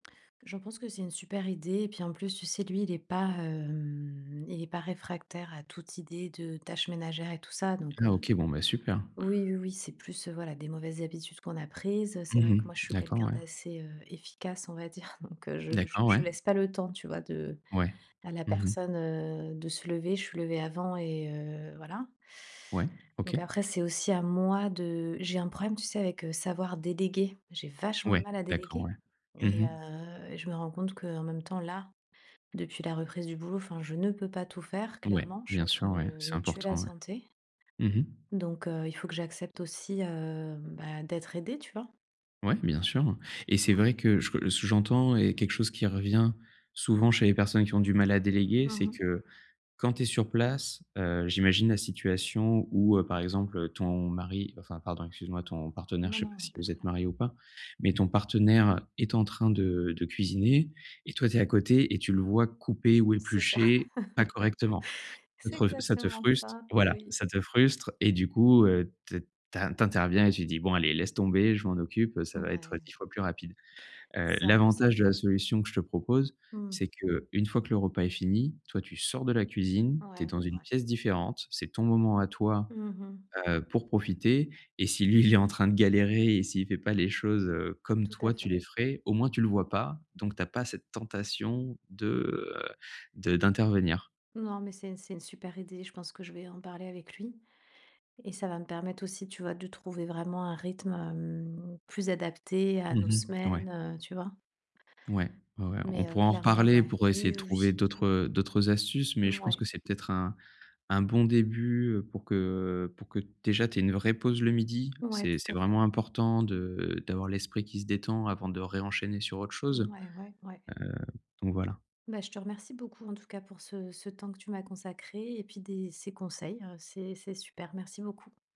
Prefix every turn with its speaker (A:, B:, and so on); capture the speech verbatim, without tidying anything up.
A: J'en pense que c'est une super idée et puis, en plus, tu sais, lui, il est pas, hem, il est pas réfractaire à toute idée de tâches ménagères et tout ça. Donc,
B: Ah
A: heu
B: OK. Bon, bah, super.
A: oui, oui, oui, c'est plus, heu, voilà, des mauvaises habitudes qu'on a prises, heu, c'est
B: Mmh
A: vrai que,
B: mh,
A: moi, je suis
B: d'accord,
A: quelqu'un
B: ouais.
A: d'assez, heu, efficace, on va dire. Donc, heu, je je
B: D'accord, ouais.
A: je laisse pas le temps, tu vois, de
B: Ouais.
A: à la
B: Mmh mh.
A: personne, heu, de se lever. Je suis levée avant et heu, voilà.
B: Ouais.
A: Donc
B: OK.
A: après, c'est aussi à moi de j'ai un problème, tu sais, avec, heu, savoir déléguer. J'ai vachement de
B: Ouais,
A: mal à
B: d'accord,
A: déléguer
B: ouais. Mmh
A: et
B: mh.
A: heu et je me rends compte qu'en même temps, là, depuis la reprise du boulot, enfin, je ne peux pas tout faire.
B: Ouais,
A: Clairement, je suis
B: bien
A: en train
B: sûr,
A: de
B: ouais,
A: me
B: c'est
A: me tuer la
B: important, ouais.
A: santé.
B: Mmh mh.
A: Donc, heu, il faut que j'accepte aussi, heu, bah, d'être aidée, tu vois?
B: Ouais, bien sûr et c'est vrai
A: Ouais.
B: que je re ce que j'entends est quelque chose qui revient souvent chez les personnes qui ont du mal à déléguer,
A: Mmh
B: c'est
A: mh.
B: que, quand tu es sur place, heu, j'imagine la situation où, heu, par exemple, ton mari, bah, enfin, pardon, excuse moi, ton partenaire,
A: Non,
B: je sais
A: non,
B: pas
A: heu,
B: si
A: pas
B: vous
A: trop,
B: êtes
A: là.
B: mariés ou pas. Mais ton partenaire est en train de de cuisiner et toi, tu es à côté et tu le vois couper ou
A: C'est ça.
B: éplucher pas correctement. Ça
A: C'est
B: te rev ça te
A: exactement
B: fruste
A: ça,
B: voilà,
A: oui.
B: ça te frustre et du coup, heu, t t'in t'interviens et tu dis: «Bon, allez, laisse tomber, je m'en occupe, heu, ça va être, heu,
A: Ouais.
B: dix fois plus rapide», heu,
A: C'est un peu ça.
B: l'avantage de la solution que je te propose,
A: Mmh.
B: c'est qu'une fois que le repas est fini, toi, tu sors de la cuisine,
A: Ouais,
B: tu es
A: ouais,
B: dans une
A: ouais.
B: pièce différente, c'est ton moment à toi,
A: Mmh mh.
B: heu, pour profiter et si lui, il est en train de galérer et s'il fait pas les choses, heu, comme
A: Tout à
B: toi, tu
A: fait.
B: les ferais, au moins tu le vois pas, donc tu as pas cette tentation de, heu, de d'intervenir.
A: Non, mais c'est c'est une super idée. Je pense que je vais en parler avec lui et ça va me permettre aussi, tu vois, de trouver vraiment un rythme, hem, plus adapté à nos
B: Mmh mh, ouais.
A: semaines, heu, tu vois?
B: Ouais, ouais, ouais, on
A: Mais, heu,
B: pourra en
A: clairement,
B: reparler
A: ouais,
B: pour essayer
A: oui,
B: de
A: oui,
B: trouver
A: oui.
B: d'autres,
A: Mmh
B: heu, d'autres astuces
A: mh.
B: mais je pense
A: Mouais.
B: que c'est peut-être un un bon début, heu, pour que, heu, pour que, déjà, tu aies une vraie pause le midi.
A: Ouais,
B: C'est
A: tout
B: c'est
A: à fait.
B: vraiment important de d'avoir l'esprit qui se détend avant de ré-enchaîner sur autre chose, heu,
A: Mouais, ouais, ouais.
B: donc voilà.
A: Bah, je te remercie beaucoup, en tout cas, pour ce ce temps que tu m'as consacré et puis des ces conseils, heu, c'est c'est super. Merci beaucoup.